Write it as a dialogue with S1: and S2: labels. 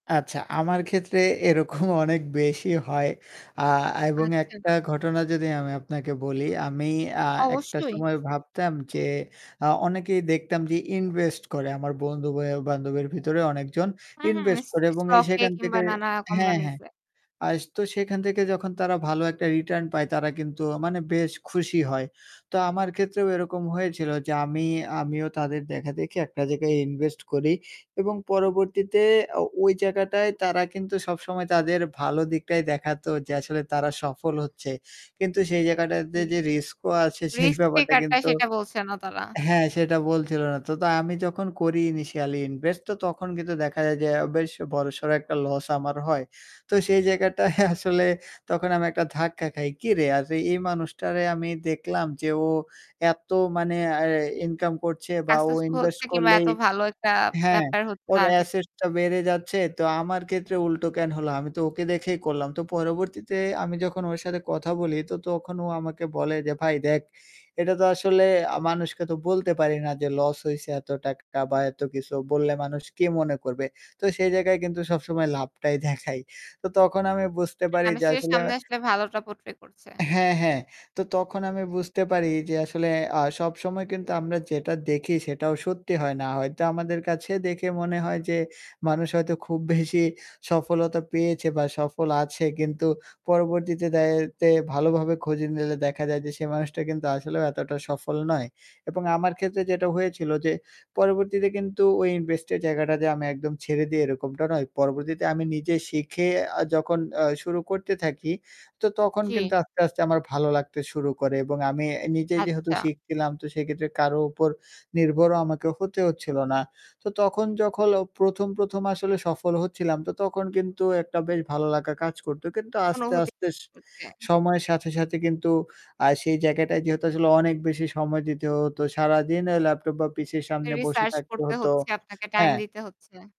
S1: আচ্ছা, আমার ক্ষেত্রে এরকম অনেক বেশি হয়। আ এবং একটা
S2: আচ্ছা।
S1: ঘটনা যদি আমি আপনাকে বলি, আমি আ একটা
S2: অবশ্যই।
S1: সময় ভাবতাম যে, আ অনেকেই দেখতাম যে এ invest করে; আমার বন্ধু এও বান্ধবের ভিতরে অনেকজন
S2: হু, হু,
S1: invest
S2: স-স
S1: করে এবং এই
S2: stock এ
S1: সেখান
S2: কিংবা
S1: থেকে
S2: নানা
S1: হ্যাঁ,
S2: কোম্পানিজ
S1: হ্যাঁ,
S2: এ।
S1: আস তো সেখান থেকে যখন তারা ভালো একটা return পায় তারা কিন্তু মানে বেশ খুশি হয়। তো আমার ক্ষেত্রেও এরকম হয়েছিল যে, আমি আমিও তাদের দেখাদেখি একটা জায়গায় invest করি এবং পরবর্তীতে আ ওই জায়গাটায় তারা কিন্তু সবসময় তাদের ভালো দিকটাই দেখাতো যে, আসলে তারা সফল হচ্ছে কিন্তু সেই জায়গাটাতে
S2: জি।
S1: যে রিস্কও আছে সেই
S2: রিস্ক
S1: ব্যাপারটা
S2: পিকারটা
S1: কিন্তু
S2: সেটা বলছে না তারা।
S1: হ্যাঁ, সেটা বলছিল না। তো তো আমি যখন করি initially invest, তো তখন কিন্তু দেখা যায় যে আ বেশ বড়-সড় একটা লস আমার হয়। তো সেই জায়গাটায় আসলে তখন আমি একটা ধাক্কা খাই। "কিরে? আর এই মানুষটারে আমি দেখলাম যে ও এত মানে আয়া ইনকাম করছে বা ও
S2: Successful
S1: ইনভেস্ট
S2: হচ্ছে কিংবা
S1: করলেই
S2: এত ভালো একটা
S1: হ্যাঁ
S2: ব্যাপার হচ্ছে
S1: ওর
S2: তার ক্ষেত্রে।
S1: asset টা বেড়ে যাচ্ছে। তো আমার ক্ষেত্রে উল্টো কেন হলো? আমি তো ওকে দেখেই করলাম।" তো পরবর্তীতে আমি যখন ওর সাথে কথা বলি তো তখন ও আমাকে বলে যে, "ভাই দেখ এটা তো আসলে আ মানুষকে তো বলতে পারি না যে, লস হইছে এত টাকা বা এত কিছু বললে মানুষ কি মনে করবে? তো সেই জায়গায় কিন্তু সবসময় লাভটাই দেখাই।" তো তখন আমি বুঝতে পারি যে
S2: মানুষের
S1: আসলে
S2: সামনে আসলে ভালোটা portray করছে।
S1: হ্যাঁ, হ্যাঁ তো তখন আমি বুঝতে পারি যে আসলে আ সবসময় কিন্তু আমরা যেটা দেখি সেটাও সত্যি হয় না। হয়তো আমাদের কাছে দেখে মনে হয় যে, মানুষ হয়তো খুব বেশি সফলতা পেয়েছে বা সফল আছে কিন্তু পরবর্তীতে দায়তে ভালোভাবে খুঁজে নিলে দেখা যায় যে সে মানুষটা কিন্তু আসলেও এতটা সফল নয়। এবং আমার ক্ষেত্রে যেটা হয়েছিল যে, পরবর্তীতে কিন্তু ওই invest এর জায়গাটাতে আমি একদম ছেড়ে দিই এরকমটা নয়। পরবর্তীতে আমি নিজে শিখে আ যখন আ শুরু করতে থাকি তো তখন কিন্তু
S2: জি।
S1: আস্তে, আস্তে আমার ভালো লাগতে শুরু করে এবং আমি এ নিজে যেহেতু
S2: আচ্ছা।
S1: শিখছিলাম তো সেক্ষেত্রে কারো উপর নির্ভরও আমাকে হতে হচ্ছিলো না। তো তখন যখন প্রথম, প্রথম আসলে সফল হচ্ছিলাম তো তখন কিন্তু একটা বেশ ভালো লাগা কাজ করতো। কিন্তু আস্তে,
S2: অনুভূতি
S1: আস্তে স
S2: করছেন।
S1: সময়ের সাথে, সাথে কিন্তু আ সেই জায়গাটায় যেহেতু আসলে অনেক বেশি সময় দিতে হতো। সারাদিন আ ল্যাপটপ বা পিসির সামনে বসে
S2: Research
S1: থাকতে
S2: করতে
S1: হতো
S2: হচ্ছে। আপনাকে টাইম
S1: হ্যাঁ।
S2: দিতে হচ্ছে।